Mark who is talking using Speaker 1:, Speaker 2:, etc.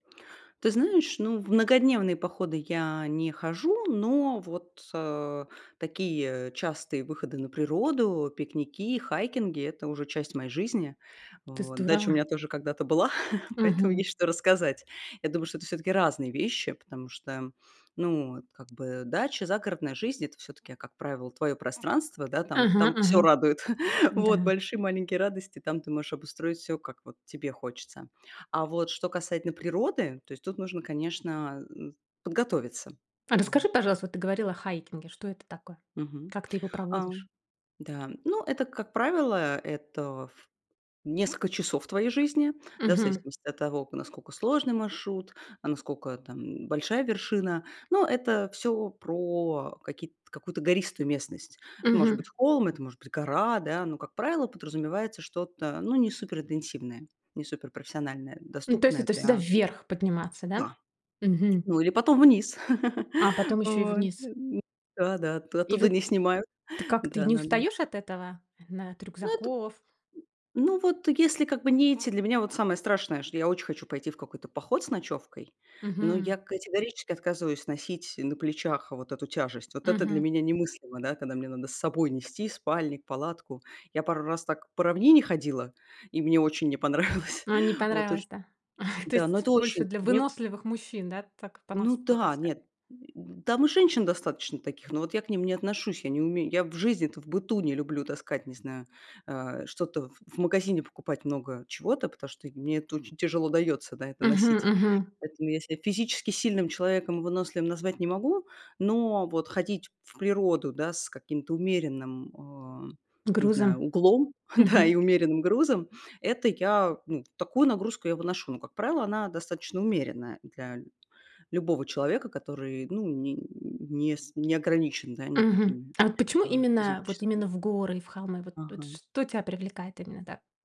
Speaker 1: Ты знаешь, ну, в многодневные походы я не хожу, но вот, э, такие частые выходы на природу, пикники, хайкинги- это уже часть моей жизни.
Speaker 2: Ты
Speaker 1: Вот дача у
Speaker 2: здорово.
Speaker 1: меня тоже когда-то была, поэтому
Speaker 2: Мгм.
Speaker 1: есть что рассказать. Я думаю, что это всё-таки разные вещи, потому что, ну, вот как бы дача, загородная жизнь- это всё-таки, как правило, твоё пространство, да, там
Speaker 2: Ага,
Speaker 1: там всё
Speaker 2: ага.
Speaker 1: радует, вот,
Speaker 2: Да.
Speaker 1: большие, маленькие радости, там ты можешь обустроить всё, как вот тебе хочется. А вот что касательно природы, то есть тут нужно, конечно, а, м, подготовиться,
Speaker 2: А
Speaker 1: вот.
Speaker 2: расскажи, пожалуйста, вот ты говорила о хайкинге. Что это такое?
Speaker 1: Мгм,
Speaker 2: Как ты его
Speaker 1: а,
Speaker 2: проводишь?
Speaker 1: да. Ну, это, как правило, это в несколько часов твоей жизни, да, в
Speaker 2: Мгм.
Speaker 1: зависимости от того, к насколько сложный маршрут, а, насколько там большая вершина. Но это всё про какие-то какую-то гористую местность. Ну, может
Speaker 2: Мгм.
Speaker 1: быть, холм, это может быть гора, да, но, как правило, подразумевается что-то, ну, не супер интенсивное, не супер профессиональное,
Speaker 2: Ну, то есть
Speaker 1: доступное
Speaker 2: это всегда
Speaker 1: для
Speaker 2: вверх подниматься, да?
Speaker 1: Да,
Speaker 2: Мгм.
Speaker 1: ну или потом вниз.
Speaker 2: А, потом еще и
Speaker 1: Вот,
Speaker 2: вниз.
Speaker 1: ну, э, да-да. От
Speaker 2: И
Speaker 1: оттуда
Speaker 2: вот
Speaker 1: не снимают,
Speaker 2: ты как, ты не
Speaker 1: да-да-да.
Speaker 2: устаёшь от этого? Э, на от
Speaker 1: Ну, это
Speaker 2: рюкзаков?
Speaker 1: Ну, вот если, как бы, не эти Для меня вот самое страшное, что я очень хочу пойти в какой-то поход с ночевкой, но
Speaker 2: Мгм.
Speaker 1: я категорически отказываюсь носить на плечах вот эту тяжесть. Вот это для
Speaker 2: Мгм.
Speaker 1: меня немыслимо, да, когда мне надо с собой нести спальник, палатку. Я пару раз так по равнине ходила, и мне очень не понравилось.
Speaker 2: А, не
Speaker 1: Вот уж.
Speaker 2: понравилось, да? То
Speaker 1: Да, но
Speaker 2: есть
Speaker 1: это
Speaker 2: больше
Speaker 1: очень
Speaker 2: для
Speaker 1: мне
Speaker 2: выносливых мужчин, да, так
Speaker 1: Ну
Speaker 2: понас
Speaker 1: да,
Speaker 2: потаскать?
Speaker 1: нет, м, там и женщин достаточно таких, но вот я к ним не отношусь. Я не умею. Я в жизни-то в быту не люблю таскать, не знаю, э, что-то в в магазине покупать много чего-то, потому что мне это очень тяжело даётся, да, это
Speaker 2: Мгм,
Speaker 1: носить.
Speaker 2: мгм.
Speaker 1: Поэтому я ся физически сильным человеком, выносливым назвать не могу, но вот ходить в природу, да, с каким-то умеренным, м, а, не знаю,
Speaker 2: Грузом,
Speaker 1: углом, да, и
Speaker 2: мгм.
Speaker 1: умеренным грузом- это я, ну, такую нагрузку я выношу. Но, как правило, она достаточно умеренная для ль любого человека, который, ну, не не с не ограничен, да,
Speaker 2: Мгм.
Speaker 1: никакими,
Speaker 2: А вот почему
Speaker 1: а,
Speaker 2: именно, вот
Speaker 1: физическими
Speaker 2: именно в горы и в холмы, вот вот
Speaker 1: Ага.
Speaker 2: что тя привлекает именно так?